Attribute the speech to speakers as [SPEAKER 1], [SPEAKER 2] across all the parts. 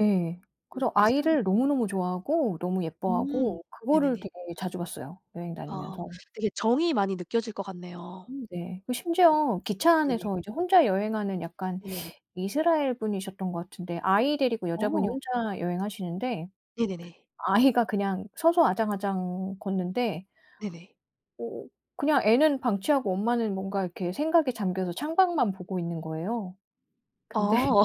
[SPEAKER 1] 예.
[SPEAKER 2] 어
[SPEAKER 1] 그래서
[SPEAKER 2] 비슷하네요.
[SPEAKER 1] 아이를 너무너무 좋아하고 너무
[SPEAKER 2] 음
[SPEAKER 1] 예뻐하고 그거를
[SPEAKER 2] 네네네.
[SPEAKER 1] 되게 자주 봤어요, 여행
[SPEAKER 2] 아
[SPEAKER 1] 다니면서.
[SPEAKER 2] 되게 정이 많이 느껴질 것 같네요.
[SPEAKER 1] 음 네. 그
[SPEAKER 2] 네.
[SPEAKER 1] 심지어 기차
[SPEAKER 2] 네네.
[SPEAKER 1] 안에서 이제 혼자 여행하는 약간
[SPEAKER 2] 네네네.
[SPEAKER 1] 이스라엘 분이셨던 것 같은데 아이 데리고 여자분이
[SPEAKER 2] 어.
[SPEAKER 1] 혼자 여행하시는데
[SPEAKER 2] 네네네.
[SPEAKER 1] 아이가 그냥 서서 아장아장 걷는데
[SPEAKER 2] 네네.
[SPEAKER 1] 어 그냥 애는 방치하고 엄마는 뭔가 이렇게 생각에 잠겨서 창밖만 보고 있는 거예요. 근데
[SPEAKER 2] 어.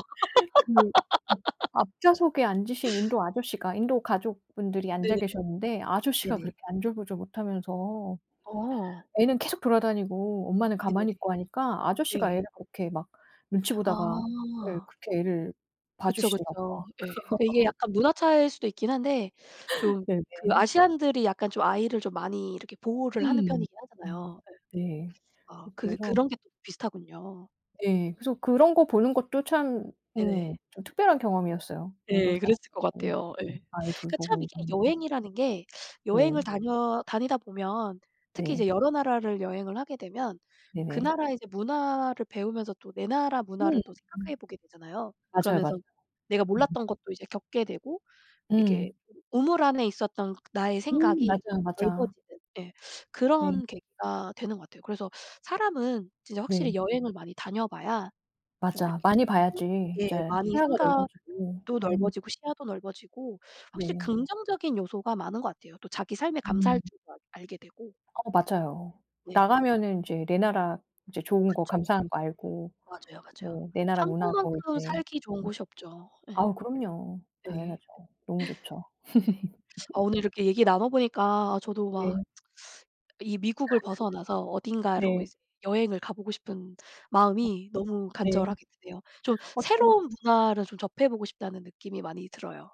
[SPEAKER 1] 그 [unintelligible] 앞 좌석에 앉으신 인도 아저씨가 인도 가족분들이 앉아
[SPEAKER 2] 네네네.
[SPEAKER 1] 계셨는데 아저씨가
[SPEAKER 2] 네네.
[SPEAKER 1] 그렇게 안절부절 못하면서
[SPEAKER 2] 어.
[SPEAKER 1] 애는 계속 돌아다니고 엄마는
[SPEAKER 2] 네네네.
[SPEAKER 1] 가만히 있고 하니까 아저씨가
[SPEAKER 2] 네.
[SPEAKER 1] 애를 그렇게 막 눈치 보다가 예
[SPEAKER 2] 아.
[SPEAKER 1] 그렇게 애를
[SPEAKER 2] 그쵸.
[SPEAKER 1] 봐주시더라고요.
[SPEAKER 2] 그쵸. 예. 그 이게 약간 문화 차이일 수도 있긴 한데 좀 그
[SPEAKER 1] 네네.
[SPEAKER 2] 아시아인들이 약간 좀 아이를 좀 많이 이렇게 보호를 하는
[SPEAKER 1] 음
[SPEAKER 2] 편이긴
[SPEAKER 1] 음
[SPEAKER 2] 하잖아요. 예.
[SPEAKER 1] 네.
[SPEAKER 2] 아
[SPEAKER 1] 어
[SPEAKER 2] 그
[SPEAKER 1] 그래서
[SPEAKER 2] 그런 게 또 비슷하군요.
[SPEAKER 1] 예. 그래서 그런 거 보는 것도 참
[SPEAKER 2] 네네.
[SPEAKER 1] 음 좀 특별한 경험이었어요. 인도
[SPEAKER 2] 예. 그랬을 것
[SPEAKER 1] 사람들 예
[SPEAKER 2] 같아요. 예.
[SPEAKER 1] 아이
[SPEAKER 2] 그 참
[SPEAKER 1] 돌보고
[SPEAKER 2] 이게
[SPEAKER 1] 이러는 거.
[SPEAKER 2] 여행이라는 게 여행을
[SPEAKER 1] 네.
[SPEAKER 2] 다녀 다니다 보면 특히 이제
[SPEAKER 1] 네.
[SPEAKER 2] 여러 나라를 여행을 하게 되면 그
[SPEAKER 1] 네네.
[SPEAKER 2] 나라의 이제 문화를 배우면서 또 내 나라 문화를 또
[SPEAKER 1] [unintelligible]
[SPEAKER 2] 생각해 보게 되잖아요.
[SPEAKER 1] 맞아요. 맞아요.
[SPEAKER 2] 그러면서 내가
[SPEAKER 1] 음.
[SPEAKER 2] 몰랐던 것도 이제 겪게 되고 이렇게
[SPEAKER 1] 음.
[SPEAKER 2] 우물 안에 있었던 나의
[SPEAKER 1] 음
[SPEAKER 2] 생각이
[SPEAKER 1] 맞아요. 맞아.
[SPEAKER 2] 넓어지는 예.
[SPEAKER 1] 네.
[SPEAKER 2] 그런 계기가 되는 것 같아요. 그래서 사람은 진짜
[SPEAKER 1] 네.
[SPEAKER 2] 확실히 여행을 많이 다녀봐야 좀
[SPEAKER 1] 맞아.
[SPEAKER 2] 이렇게 또
[SPEAKER 1] 많이 봐야지
[SPEAKER 2] 예
[SPEAKER 1] 진짜
[SPEAKER 2] 많이
[SPEAKER 1] 시야가
[SPEAKER 2] 생각도
[SPEAKER 1] 넓어지고. 음.
[SPEAKER 2] 넓어지고 시야도 넓어지고 확실히
[SPEAKER 1] 네.
[SPEAKER 2] 긍정적인 요소가 많은 것 같아요. 또 자기 삶에
[SPEAKER 1] 음.
[SPEAKER 2] 감사할 줄도 알게 되고.
[SPEAKER 1] 어 맞아요.
[SPEAKER 2] 네.
[SPEAKER 1] 나가면은 이제 내 나라 이제 좋은 거
[SPEAKER 2] 그쵸. 그쵸.
[SPEAKER 1] 감사한 거 알고
[SPEAKER 2] 맞아요. 맞아요.
[SPEAKER 1] 뭐 내 나라 문화도
[SPEAKER 2] 한국만큼
[SPEAKER 1] 이제
[SPEAKER 2] 살기 좋은 곳이 없죠. 예.
[SPEAKER 1] 아 그럼요.
[SPEAKER 2] 네.
[SPEAKER 1] 당연하죠. 너무 좋죠.
[SPEAKER 2] 네네. 아 오늘 이렇게 얘기 나눠보니까 저도 막
[SPEAKER 1] 네.
[SPEAKER 2] 이 미국을 벗어나서 어딘가로
[SPEAKER 1] 네.
[SPEAKER 2] 이제 여행을 가보고 싶은 마음이 너무
[SPEAKER 1] 네.
[SPEAKER 2] 간절하게 드네요. 좀
[SPEAKER 1] 어 저는
[SPEAKER 2] 새로운 문화를 좀 접해보고 싶다는 느낌이 많이 들어요.